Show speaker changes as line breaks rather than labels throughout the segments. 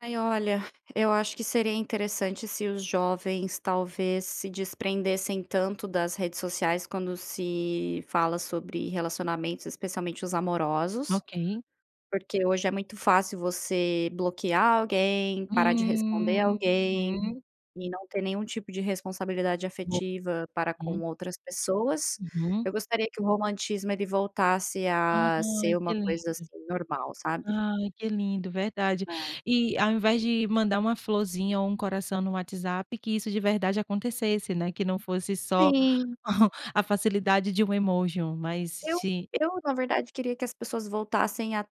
Ai olha, eu acho que seria interessante, se os jovens, talvez, se desprendessem tanto das redes sociais, quando se fala sobre relacionamentos, especialmente os amorosos.
Ok.
Porque hoje, é muito fácil você bloquear alguém, parar de responder alguém,
Uhum.
e não ter nenhum tipo de responsabilidade
Bom,
afetiva para com
hum.
outras pessoas.
Uhum.
Eu gostaria, que o romantismo, ele voltasse a ser
Ai
uma
que
coisa,
lindo,
assim, normal sabe?
ah, que lindo verdade,
Ah.
e ao invés de mandar uma florzinha, ou um coração no WhatsApp, que isso de verdade acontecesse, né, que não fosse só
Sim.
a facilidade de um emoji, mas
Eu
de
eu na verdade, queria que, as pessoas voltassem a,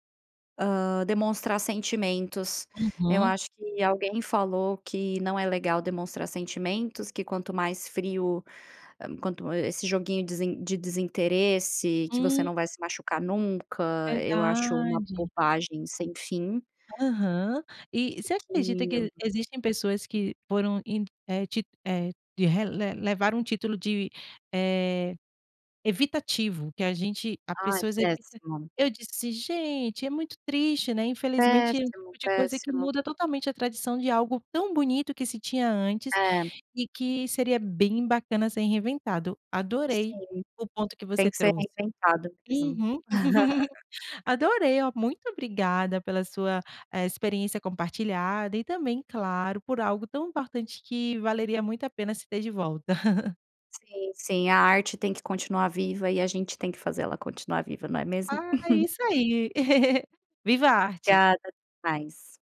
hã, demonstrar sentimentos. Eu
Uhum.
acho que alguém falou, que não é legal, demonstrar sentimentos, que quanto mais frio, quanto, esse joguinho de desinteresse, que você
Hum.
não vai se machucar nunca, eu acho uma
Verdade.
bobagem sem fim.
Aham e você
O
acredita que e
que
existem pessoas que foram e é te é, re le le levaram um título de, eh, evitativo que a gente a
Ai
pessoas evita.
péssimo.
Eu disse: "Gente é muito triste, né, infelizmente é um
Péssimo,
tipo de coisa, que
péssimo.
muda totalmente, a tradição de algo tão bonito, que se tinha antes,
Eh.
e que seria bem bacana, ser reinventado." Adorei
Sim,
o ponto que
tem
você
que ser
trouxe.
reinventado mesmo.
Uhum. Adorei, olha muito obrigada pela sua experiência compartilhada, e também, claro, por algo tão importante, que valeria muito a pena se ter de volta.
Sim, sim a arte tem que continuar, viva e a gente tem que fazer, ela continuar viva não é mesmo?
Ah é isso aí, viva a arte.
Obrigada até mais.